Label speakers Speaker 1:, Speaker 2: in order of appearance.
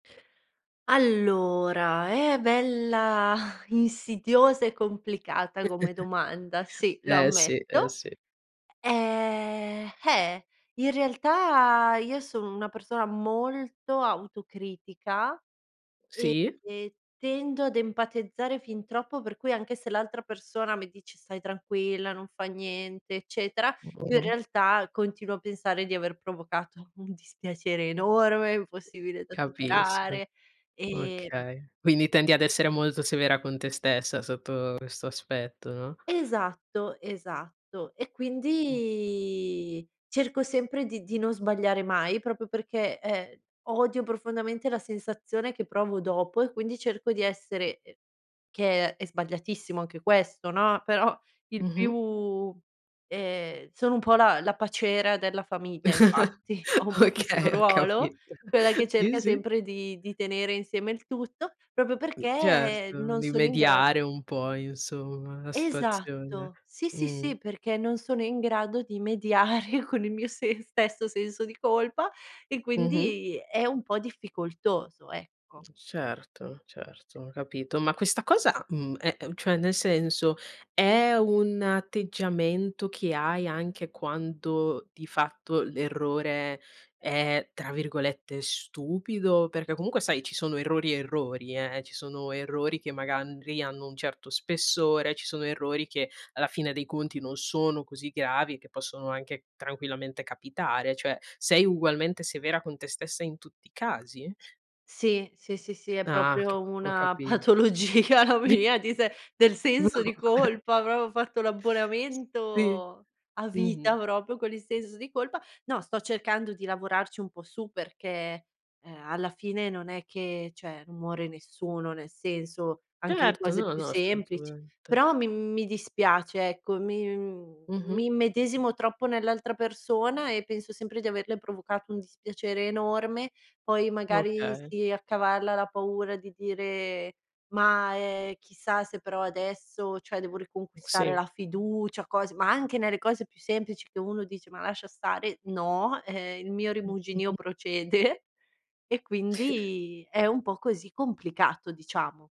Speaker 1: Allora, è bella insidiosa e complicata come domanda, sì, lo
Speaker 2: Eh sì, eh
Speaker 1: ammetto.
Speaker 2: sì.
Speaker 1: Ehm, eh, in realtà io sono una persona molto autocritica
Speaker 2: Sì.
Speaker 1: e e tendo ad empatizzare fin troppo, per cui anche se l'altra persona mi dice: “Stai tranquilla, non fa niente”, eccetera, io in
Speaker 2: Mh.
Speaker 1: realtà continuo a pensare di aver provocato un dispiacere enorme, impossibile da
Speaker 2: Capisco,
Speaker 1: superare, ehm
Speaker 2: okay. Quindi tendi ad essere molto severa con te stessa sotto questo aspetto, no?
Speaker 1: Esatto, esatto, e
Speaker 2: Mh.
Speaker 1: quindi cerco sempre di di non sbagliare mai proprio perché, ehm, odio profondamente la sensazione che provo dopo e quindi cerco di essere, ehm che è sbagliatissimo anche questo, no, però il
Speaker 2: Mh-mh.
Speaker 1: più ehm, sono un po' la la paciera della famiglia, infatti. Ho un po' questo
Speaker 2: Okay, ho
Speaker 1: ruolo,
Speaker 2: capito.
Speaker 1: quella che
Speaker 2: Sì,
Speaker 1: cerca
Speaker 2: sì.
Speaker 1: sempre di di tenere insieme il tutto, proprio
Speaker 2: Uhm,
Speaker 1: perché
Speaker 2: certo.
Speaker 1: non sono in gra
Speaker 2: Rimediare un po', insomma, la situazione,
Speaker 1: Esatto. Sì, sì,
Speaker 2: mh.
Speaker 1: sì, perché non sono in grado di mediare con il mio se stesso senso di colpa e
Speaker 2: Mh-mh.
Speaker 1: quindi è un po' difficoltoso, ecco.
Speaker 2: Certo, certo, capito. Ma questa cosa, mhmm, ehm, cioè nel senso, è un atteggiamento che hai anche quando di fatto l'errore è, tra virgolette, "stupido"? Perché comunque, sai, ci sono errori e errori, eh, ci sono errori che magari hanno un certo spessore, ci sono errori che alla fine dei conti non sono così gravi e che possono anche tranquillamente capitare, cioè sei ugualmente severa con te stessa in tutti i casi?
Speaker 1: Sì, sì, sì, sì, è
Speaker 2: Ah, c
Speaker 1: proprio
Speaker 2: ho
Speaker 1: una
Speaker 2: capito.
Speaker 1: patologia la mia, di se del
Speaker 2: No,
Speaker 1: senso di
Speaker 2: vabbè.
Speaker 1: colpa, proprio fatto
Speaker 2: Sì,
Speaker 1: l'abbonamento a vita
Speaker 2: mh-mh.
Speaker 1: proprio con il senso di colpa. No, sto cercando di lavorarci un po' su perché, eh, alla fine non è che, cioè,, non muore nessuno, nel senso anche le
Speaker 2: Certo,
Speaker 1: cose
Speaker 2: no,
Speaker 1: più
Speaker 2: no
Speaker 1: semplici,
Speaker 2: assolutamente.
Speaker 1: però mi mi dispiace, ecco, mi
Speaker 2: Mh-mh.
Speaker 1: mi immedesimo troppo nell'altra persona e penso sempre di averle provocato un dispiacere enorme. Poi magari
Speaker 2: Okay.
Speaker 1: si accavalla la paura di dire: “Ma, ehm, chissà se però adesso, cioè, devo riconquistare
Speaker 2: Sì.
Speaker 1: la fiducia”, cose ma anche nelle cose più semplici che uno dice: “Ma lascia stare”, no, ehm, il mio
Speaker 2: Mh-mh,
Speaker 1: rimuginio
Speaker 2: mh.
Speaker 1: procede e quindi è un po' così, complicato, diciamo.